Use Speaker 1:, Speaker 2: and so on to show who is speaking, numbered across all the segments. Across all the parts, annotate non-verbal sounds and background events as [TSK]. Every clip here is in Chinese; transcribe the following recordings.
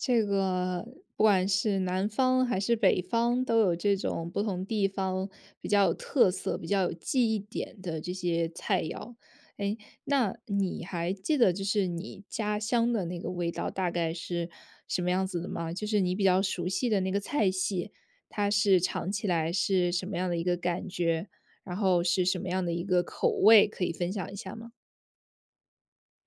Speaker 1: 这个不管是南方，还是北方，都有这种不同地方比较有特色、比较有记忆点的这些菜肴。诶，那你还记得就是你家乡的那个味道大概是什么样子的吗？就是你比较熟悉的那个菜系，它是尝起来是什么样的一个感觉，然后是什么样的一个口味，可以分享一下吗？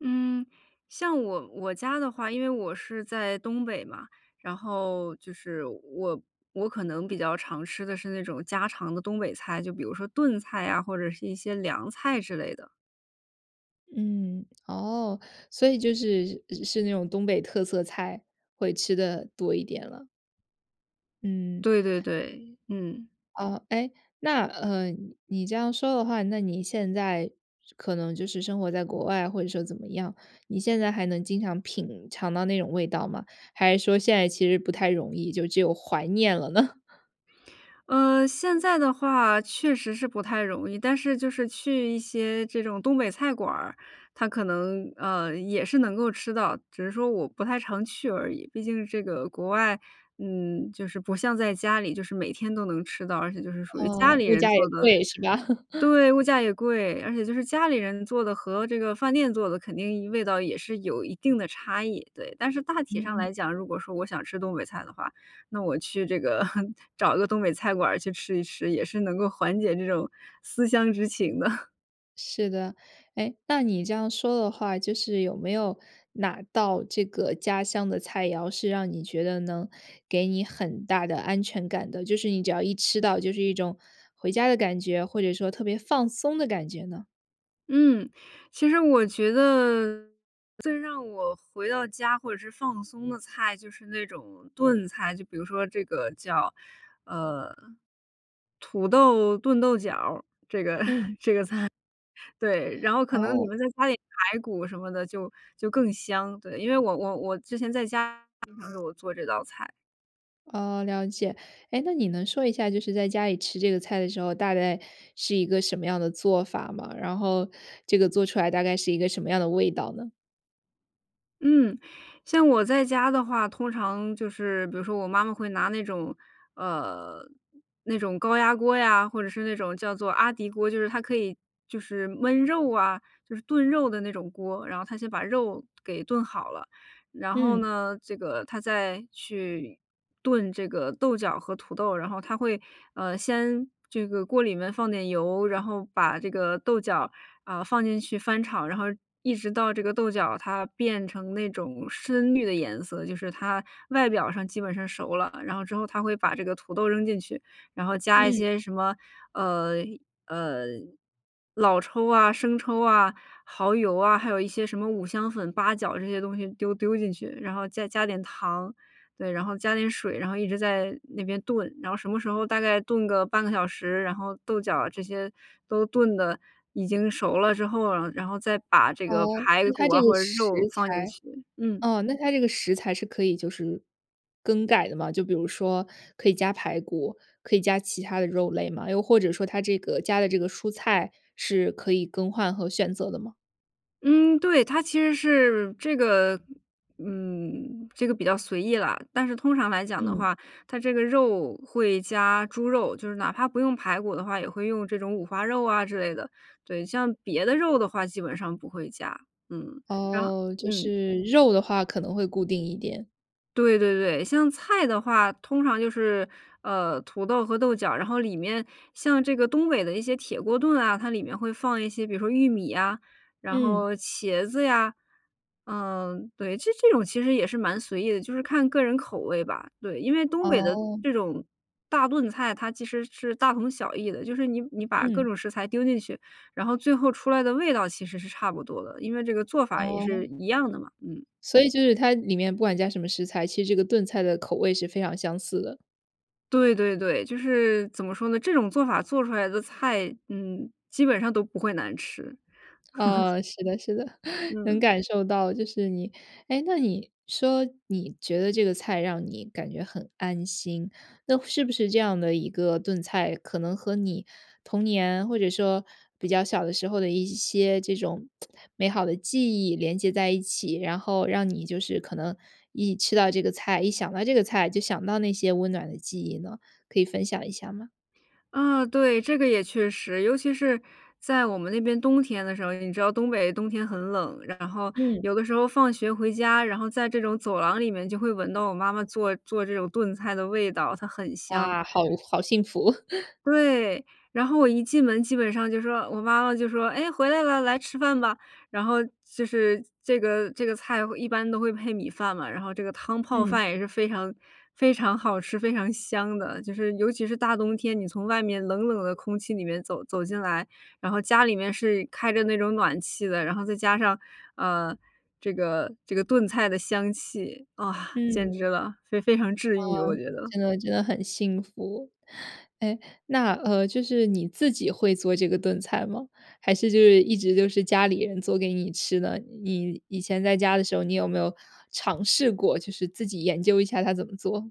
Speaker 2: 嗯，像我我家的话，因为我是在东北嘛，然后就是我我可能比较常吃的是那种家常的东北菜。就比如说炖菜啊，或者是一些凉菜之类的。
Speaker 1: 嗯，哦。所以就是是那种东北特色菜，会吃得多一点了。嗯。
Speaker 2: 对对对，嗯。
Speaker 1: 哦。诶，那，呃，你你这样说的话，那你现在可能就是生活在国外或者说怎么样，你现在还能经常品尝到那种味道吗？还是说现在其实不太容易，就只有怀念了呢？
Speaker 2: 嗯，现在的话，确实是不太容易。但是就是去一些这种东北菜馆儿，它可能，呃，也是能够吃到。只是说我不太常去而已，毕竟这个国外，嗯，就是不像在家里，就是每天都能吃到，而且就是属于家
Speaker 1: 哦，
Speaker 2: 里
Speaker 1: 物
Speaker 2: 人
Speaker 1: 价
Speaker 2: 做
Speaker 1: 也
Speaker 2: 的
Speaker 1: 贵，是吧？[LAUGHS]
Speaker 2: 对，物价也贵。而且就是家里人做的和这个饭店做的肯定味道也是有一定的差异，对。但是大体上
Speaker 1: 嗯。
Speaker 2: 来讲，如果说我想吃东北菜的话，那我去这个 [LAUGHS] 找个东北菜馆儿去吃一吃，也是能够缓解这种思乡之情的。[LAUGHS]
Speaker 1: 是的，哎，那你这样说的话，就是有没有哪道这个家乡的菜肴，是让你觉得能给你很大的安全感的，就是你只要一吃到就是一种回家的感觉，或者说特别放松的感觉呢？
Speaker 2: 嗯，其实我觉得最让我回到家或者是放松的菜，就是那种炖菜，就比如说这个叫，呃，土豆炖豆角儿，这个这个
Speaker 1: 嗯。
Speaker 2: 菜。对。然后可能里
Speaker 1: 哦。
Speaker 2: 面再加点排骨什么的就就更香，对，因为我我我之前在家 [UNINTELLIGIBLE] 经常给我做这道菜。
Speaker 1: 哦，了解，哎，那你能说一下，就是在家里吃这个菜的时候，大概是一个什么样的做法吗？然后这个做出来大概是一个什么样的味道呢？
Speaker 2: 嗯，像我在家的话，通常就是比如说我妈妈会拿那种呃，那种高压锅呀，或者是那种叫做阿迪锅，就是它可以就是焖肉啊，就是炖肉的那种锅。然后她先把肉给炖好了，然后
Speaker 1: 嗯。
Speaker 2: 呢，这个她再去炖这个豆角和土豆。然后她会，呃，先这个锅里面放点油，然后把这个豆角，啊，放进去翻炒。然后一直到这个豆角它变成那种深绿的颜色，就是它外表上基本上熟了，然后之后她会把这个土豆扔进去，然后加一
Speaker 1: 嗯。
Speaker 2: 些什么，呃，呃，老抽啊、生抽啊、耗油啊，还有一些什么五香粉、八角这些东西丢丢进去，然后再加点糖。对，然后加点水，然后一直在那边炖，然后什么时候大概炖个半个小时，然后豆角这些都炖得已经熟了之后，然然后再把这个
Speaker 1: 哦，
Speaker 2: 排
Speaker 1: 那
Speaker 2: 骨
Speaker 1: 它
Speaker 2: 啊，
Speaker 1: 这个
Speaker 2: 或者
Speaker 1: 食
Speaker 2: 肉放进
Speaker 1: 材
Speaker 2: 去，嗯。
Speaker 1: 啊，那它这个食材是可以就是更改的吗？就比如说可以加排骨，可以加其它的肉类吗？又或者说它这个加的这个蔬菜是可以更换和选择的吗？
Speaker 2: 嗯，对。它其实是这个嗯，这个比较随意了，但是通常来讲的
Speaker 1: 嗯。
Speaker 2: 话，它这个肉会加猪肉，就是哪怕不用排骨的话，也会用这种五花肉啊之类的。对，像别的肉的话基本上不会加，嗯，然后
Speaker 1: 哦，就
Speaker 2: 嗯。
Speaker 1: 是肉的话可能会固定一点。
Speaker 2: 对对对。像菜的话，通常就是，呃，土豆和豆角，然后里面像这个东北的一些铁锅炖啊，它里面会放一些比如说玉米呀，然
Speaker 1: 嗯。
Speaker 2: 后茄子呀。嗯，对。这这种其实也是蛮随意的，就是看个人口味吧。对，因为东北的
Speaker 1: 哦。
Speaker 2: 这种大炖菜，它其实是大同小异的。就是你你把各
Speaker 1: 嗯。
Speaker 2: 种食材丢进去，然后最后出来的味道其实是差不多的，因为这个做法也是
Speaker 1: 哦。
Speaker 2: 一样的嘛。嗯。
Speaker 1: 所以就是它里面不管加什么食材，其实这个炖菜的口味是非常相似的。
Speaker 2: 对对对，就是怎么说呢？这种做法做出来的菜，嗯，基本上都不会难吃。[LAUGHS]
Speaker 1: 哦，是的是的。[LAUGHS] 能
Speaker 2: 嗯。
Speaker 1: 感受到就是你诶，那你说你觉得这个菜让你感觉很安心，那是不是这样的一个炖菜可能和你童年或者说比较小的时候的一些这种 [TSK] 美好的记忆连接在一起，然后让你就是可能一吃到这个菜，一想到这个菜就想到那些温暖的记忆呢？可以分享一下吗？
Speaker 2: 啊，对，这个也确实。尤其是在我们那边冬天的时候，你知道东北冬天很冷，然后
Speaker 1: 嗯。
Speaker 2: 有的时候放学回家，然后在这种走廊里面就会闻到我妈妈做做这种炖菜的味道，它很香。
Speaker 1: 哇，好好幸福。[LAUGHS]
Speaker 2: 对，然后我一进门基本上就说我妈妈就说：“诶回来了，来吃饭吧”。然后就是这个这个菜一般都会配米饭嘛，然后这个汤泡
Speaker 1: 嗯。
Speaker 2: 饭也是非常非常好吃、非常香的。就是尤其是大冬天，你从外面冷冷的空气里面走走进来，然后家里面是开着那种暖气的，然后再加上，呃，这个这个炖菜的香气，啊，简直
Speaker 1: 嗯。
Speaker 2: 了。非非常治愈，我
Speaker 1: 哦，
Speaker 2: 觉得。
Speaker 1: 真的真的很幸福。诶，那，呃，就是你自己会做这个炖菜吗，还是就是一直都是家里人做给你吃呢？你以前在家的时候，你有没有尝试过就是自己研究一下它怎么做？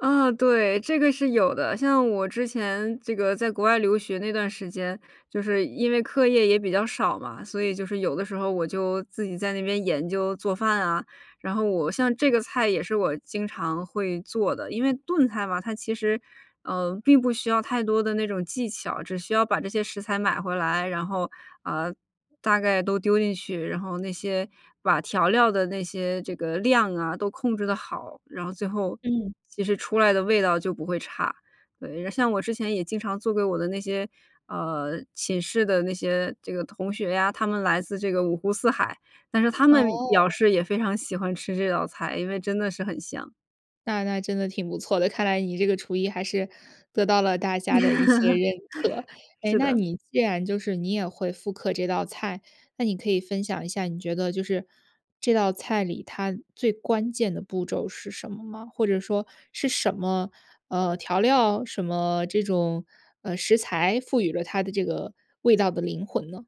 Speaker 2: 啊，对，这个是有的。像我之前这个在国外留学那段时间，就是因为课业也比较少嘛，所以就是有的时候我就自己在那边研究做饭啊，然后我像这个菜也是我经常会做的。因为炖菜嘛，它其实，呃，并不需要太多的那种技巧，只需要把这些食材买回来，然后，啊，大概都丢进去，然后那些把调料的那些这个量啊，都控制得好，然后最后
Speaker 1: 嗯。
Speaker 2: 其实出来的味道就不会差。对，像我之前也经常做给我的那些，呃，寝室的那些这个同学呀，他们来自这个五湖四海，但是他们表
Speaker 1: 哦。
Speaker 2: 示也非常喜欢吃这道菜，因为真的是很香。
Speaker 1: 那那真的挺不错的，看来你这个厨艺还是得到了大家的一些认可。
Speaker 2: [LAUGHS]
Speaker 1: 诶，
Speaker 2: 是
Speaker 1: 那
Speaker 2: 的。
Speaker 1: 你既然就是你也会复刻这道菜，那你可以分享一下，你觉得就是这道菜里它最关键的步骤是什么吗？或者说是什么，呃，调料什么这种，呃，食材赋予了它的这个味道的灵魂呢？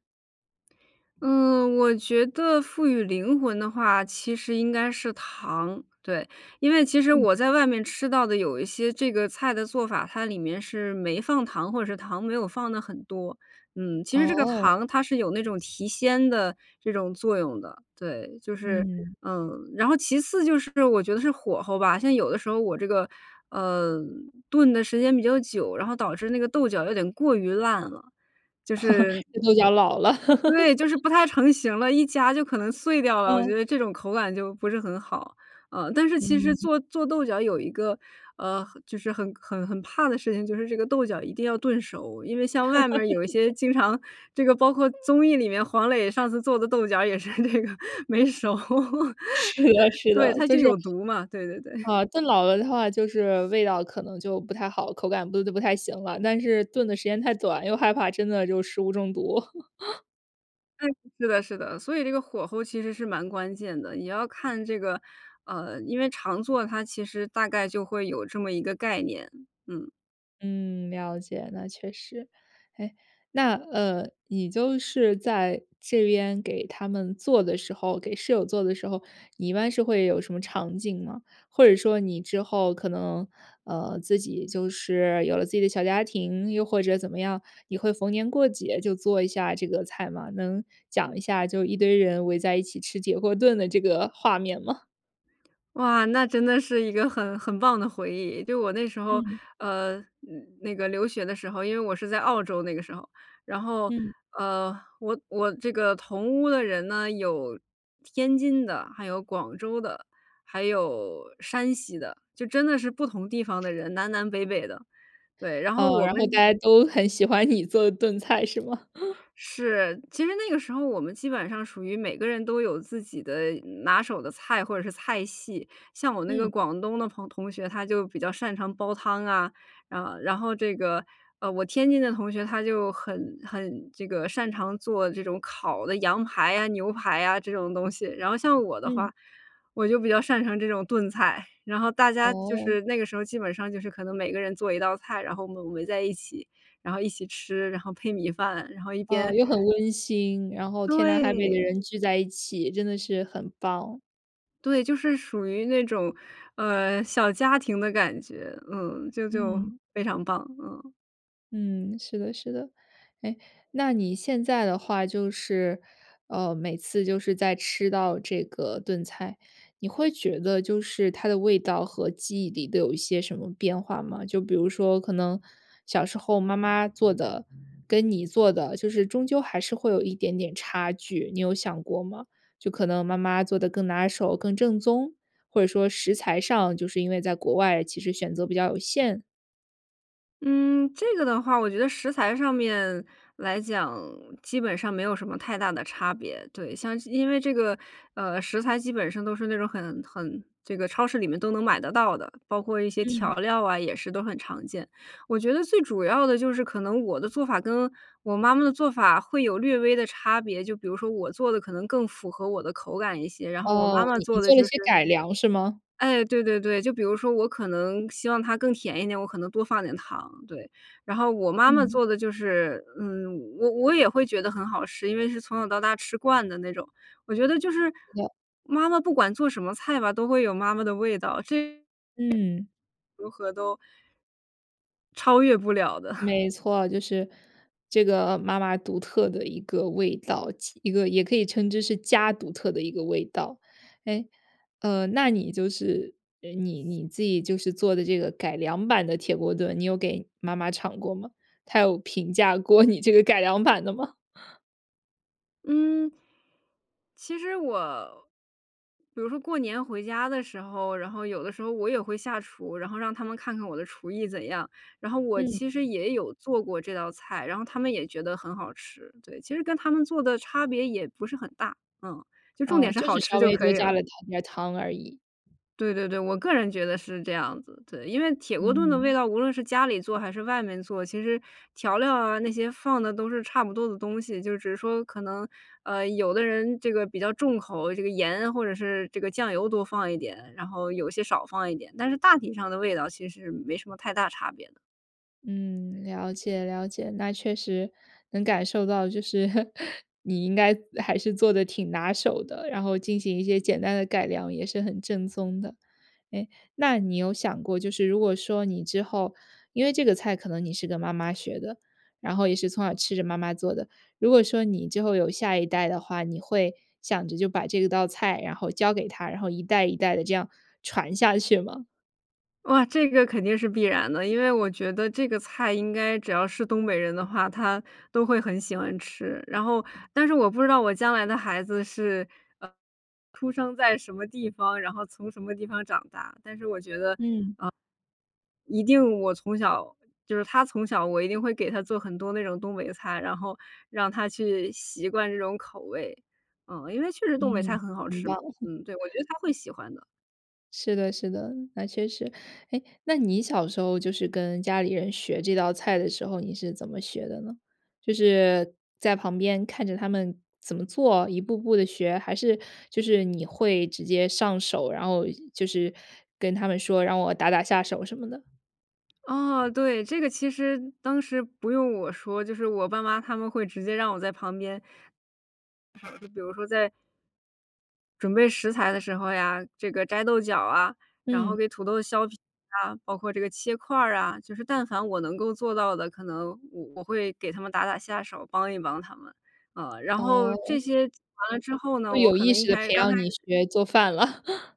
Speaker 2: 嗯，我觉得赋予灵魂的话，其实应该是糖。对，因为其实
Speaker 1: 嗯。
Speaker 2: 我在外面吃到的有一些这个菜的做法，它里面是没放糖，或者是糖没有放得很多。嗯，其实这个
Speaker 1: 哦。
Speaker 2: 糖它是有那种提鲜的这种作用的。对，就是，
Speaker 1: 嗯。
Speaker 2: 嗯，然后其次就是我觉得是火候吧，像有的时候我这个，呃，炖的时间比较久，然后导致那个豆角有点过于烂了。就是
Speaker 1: [LAUGHS] 这豆角老了。[LAUGHS]
Speaker 2: 对，就是不太成型了，一夹就可能碎掉了。我
Speaker 1: 嗯。
Speaker 2: 觉得这种口感就不是很好，呃，但是其实
Speaker 1: 嗯。
Speaker 2: 做做豆角有一个，呃，就是很很很怕的事情，就是这个豆角一定要炖熟，因为像外面儿有一些
Speaker 1: [LAUGHS]
Speaker 2: 经常这个包括综艺里面黄磊上次做的豆角也是这个没熟。
Speaker 1: 是的，
Speaker 2: [LAUGHS]
Speaker 1: 是
Speaker 2: 对，
Speaker 1: 的，
Speaker 2: 它
Speaker 1: 就
Speaker 2: 就
Speaker 1: 是，
Speaker 2: 有毒嘛，对对对。
Speaker 1: 啊，炖老了的话就是味道可能就不太好，口感不不不太行了，但是炖的时间太短，又害怕真的就食物中毒。[LAUGHS]
Speaker 2: 对，是的是的，所以这个火候其实是蛮关键的，你要看这个呃，因为常做它其实大概就会有这么一个概念，嗯。
Speaker 1: 嗯，了解，那确实。哎，那，呃，你就是在这边给他们做的时候，给室友做的时候，你一般是会有什么场景吗？或者说你之后可能，呃，自己就是有了自己的小家庭，又或者怎么样，你会逢年过节就做一下这个菜吗？能讲一下就一堆人围在一起吃铁锅炖的这个画面吗？
Speaker 2: 哇，那真的是一个很很棒的回忆。就我那时候，
Speaker 1: 嗯。
Speaker 2: 呃，那那个留学的时候，因为我是在澳洲那个时候。然后，
Speaker 1: 嗯。
Speaker 2: 呃，我我这个同屋的人呢，有天津的，还有广州的，还有山西的。就真的是不同地方的人，南南北北的，对，然后
Speaker 1: 哦，
Speaker 2: 我
Speaker 1: 然后大
Speaker 2: 们
Speaker 1: 家都很喜欢你做炖菜是吗？[LAUGHS]
Speaker 2: 是，其实那个时候我们基本上属于每个人都有自己的拿手的菜或者是菜系。像我那个
Speaker 1: 嗯。
Speaker 2: 广东的朋同学，他就比较擅长煲汤啊，啊。然后这个，呃，我天津的同学，他就很很这个擅长做这种烤的羊排啊、牛排呀这种东西。然后像我的
Speaker 1: 嗯。
Speaker 2: 话，我就比较擅长这种炖菜，然后大家就
Speaker 1: 哦。
Speaker 2: 是那个时候基本上就是可能每个人做一道菜，然后我们围在一起，然后一起吃，然后配米饭，然后一
Speaker 1: 呃，
Speaker 2: 边
Speaker 1: 又很温馨，然后天南海北的
Speaker 2: 对。
Speaker 1: 人聚在一起，真的是很棒。
Speaker 2: 对，就是属于那种，呃，小家庭的感觉。嗯，就就
Speaker 1: 嗯。
Speaker 2: 非常棒，嗯。
Speaker 1: 嗯，是的是的。诶，那你现在的话就是，呃，每次就是再吃到这个炖菜，你会觉得就是它的味道和记忆里的有一些什么变化吗？就比如说可能小时候妈妈做的，跟你做的，就是终究还是会有一点点差距，你有想过吗？就可能妈妈做得更拿手、更正宗？或者说食材上，就是因为在国外其实选择比较有限？
Speaker 2: 嗯，这个的话，我觉得食材上面来讲，基本上没有什么太大的差别，对。像是因为这个，呃，食材基本上都是那种很很这个超市里面都能买得到的，包括一些
Speaker 1: 嗯。
Speaker 2: 调料啊，也是都很常见。我觉得最主要的就是可能我的做法跟我妈妈的做法会有略微的差别，就比如说我做得可能更符合我的口感一些，然后我
Speaker 1: 哦，
Speaker 2: 妈妈
Speaker 1: 你你
Speaker 2: 做的
Speaker 1: 做了
Speaker 2: 就是
Speaker 1: 些改良，是吗？
Speaker 2: 诶，对对对，就比如说我可能希望它更甜一点，我可能多放点糖，对。然后我妈妈
Speaker 1: 嗯。
Speaker 2: 做得就是嗯，我我也会觉得很好吃，因为是从小到大吃惯的那种。我觉得就是
Speaker 1: 是的。
Speaker 2: 妈妈不管做什么菜吧，都会有妈妈的味道，这点
Speaker 1: 嗯。
Speaker 2: 如何都超越不了的。[CHUCKLES]
Speaker 1: 没错，就是这个妈妈独特的一个味道，其一个也可以称之是家独特的一个味道。诶，呃，那你就是，诶，你你自己就是做的这个改良版的铁锅炖，你有给妈妈尝过吗？她有评价过你这个改良版的吗？[LAUGHS]
Speaker 2: 嗯，其实我，比如说过年回家的时候，然后有的时候我也会下厨，然后让他们看看我的厨艺怎样。然后我
Speaker 1: 嗯。
Speaker 2: 其实也有做过这道菜，然后他们也觉得很好吃。对，其实跟他们做的差别也不是很大。嗯，就重
Speaker 1: 哦，
Speaker 2: 点是
Speaker 1: 就
Speaker 2: 好
Speaker 1: 是
Speaker 2: 吃
Speaker 1: 稍
Speaker 2: 就
Speaker 1: 微
Speaker 2: 可
Speaker 1: 多
Speaker 2: 以
Speaker 1: 加
Speaker 2: 了。
Speaker 1: 了糖一点儿糖而已。
Speaker 2: 对对对，我个人觉得是这样子。对，因为铁锅炖的味
Speaker 1: 嗯。
Speaker 2: 道，无论是家里做还是外面做，其实调料啊，那些放的都是差不多的东西。就只是说可能，呃，有的人这个比较重口，这个盐或者是这个酱油多放一点，然后有些少放一点，但是大体上的味道其实没什么太大差别的。
Speaker 1: 嗯，了解了解，那确实能感受到就是 [LAUGHS] 你应该还是做得挺拿手的，然后进行一些简单的改良也是很正宗的。诶，那你有想过，就是如果说你之后因为这个菜可能你是跟妈妈学的，然后也是从小吃着妈妈做的。如果说你之后有下一代的话，你会想着就把这道菜然后教给他，然后一代一代地这样传下去吗？
Speaker 2: 哇，这个肯定是必然的。因为我觉得这个菜应该只要是东北人的话，他都会很喜欢吃。然后但是我不知道我将来的孩子是，呃，出生在什么地方，然后从什么地方长大。但是我觉得，呃，
Speaker 1: 嗯。
Speaker 2: 一定我从小就是他从小我一定会给他做很多那种东北菜，然后让他去习惯这种口味。啊，因为确实东北菜
Speaker 1: 嗯，
Speaker 2: 很好
Speaker 1: 很
Speaker 2: 吃嘛，
Speaker 1: 棒。
Speaker 2: 嗯，对，我觉
Speaker 1: [LAUGHS]
Speaker 2: 得他会喜欢的。
Speaker 1: 是的是的，那确实。诶，那你小时候就是跟家里人学这道菜的时候，你是怎么学的呢？就是在旁边看着他们怎么做，一步步地学？还是就是你会直接上手，然后就是跟他们说，让我打打下手什么的？
Speaker 2: 哦，对，这个其实当时不用我说，就是我爸妈他们会直接让我在旁边，[UNINTELLIGIBLE] 比如说在准备食材的时候呀，这个摘豆角啊，然后
Speaker 1: 嗯。
Speaker 2: 给土豆削皮啊，包括这个切块儿啊。就是但凡我能够做到的，可能我我会给他们打打下手，帮一帮他们。啊，然后这
Speaker 1: 哦。
Speaker 2: 些做完了之后呢，
Speaker 1: 就
Speaker 2: 我
Speaker 1: 有
Speaker 2: 可
Speaker 1: 意
Speaker 2: 能一
Speaker 1: 识地
Speaker 2: 开始
Speaker 1: 培
Speaker 2: 刚开
Speaker 1: 养
Speaker 2: 始
Speaker 1: 你学做饭了。[LAUGHS]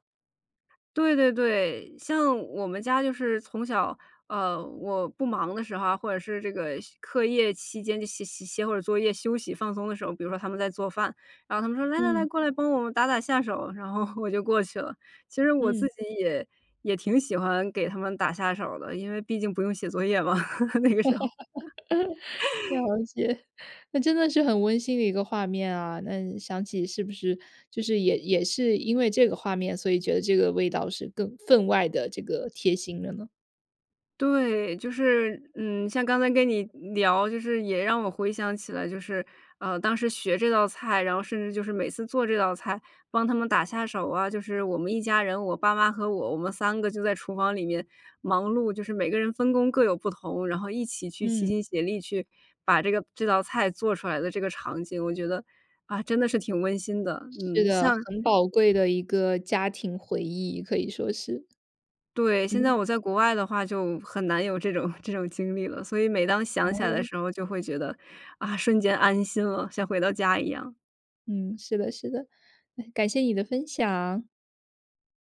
Speaker 2: 对对对，像我们家就是从小，呃，我不忙的时候啊，或者是这个课业期间就写写写会儿作业休息放松的时候。比如说他们在做饭，然后他们说：“来来来，
Speaker 1: 嗯。
Speaker 2: 过来帮我们打打下手。”然后我就过去了，其实我自
Speaker 1: 嗯。
Speaker 2: 己也也挺喜欢给他们打下手儿的，因为毕竟不用写作业嘛，[LAUGHS] 那个时候。
Speaker 1: [LAUGHS] 了
Speaker 2: [LAUGHS]
Speaker 1: 解，那真的是很温馨的一个画面啊，那想起是不是就是也也是因为这个画面，所以觉得这个味道是更分外地这个贴心的呢？
Speaker 2: 对，就是，嗯，像刚才跟你聊，就是也让我回想起来，就是，呃，当时学这道菜，然后甚至就是每次做这道菜，帮他们打下手啊，就是我们一家人，我爸妈和我，我们3个就在厨房里面忙碌，就是每个人分工各有不同。然后一起去齐
Speaker 1: 嗯。
Speaker 2: 心协力去把这个这道菜做出来的这个场景，我觉得，啊，真的是挺温馨的，
Speaker 1: 是
Speaker 2: 嗯，
Speaker 1: 的，
Speaker 2: 像
Speaker 1: 很宝贵的一个家庭回忆，可以说是。
Speaker 2: 对，现在
Speaker 1: 嗯。
Speaker 2: 我在国外的话就很难有这种这种经历了，所以每当想起来的
Speaker 1: 哦。
Speaker 2: 时候就会觉得，啊，瞬间安心了，像回到家一样。
Speaker 1: 嗯，是的，是的。感谢你的分享。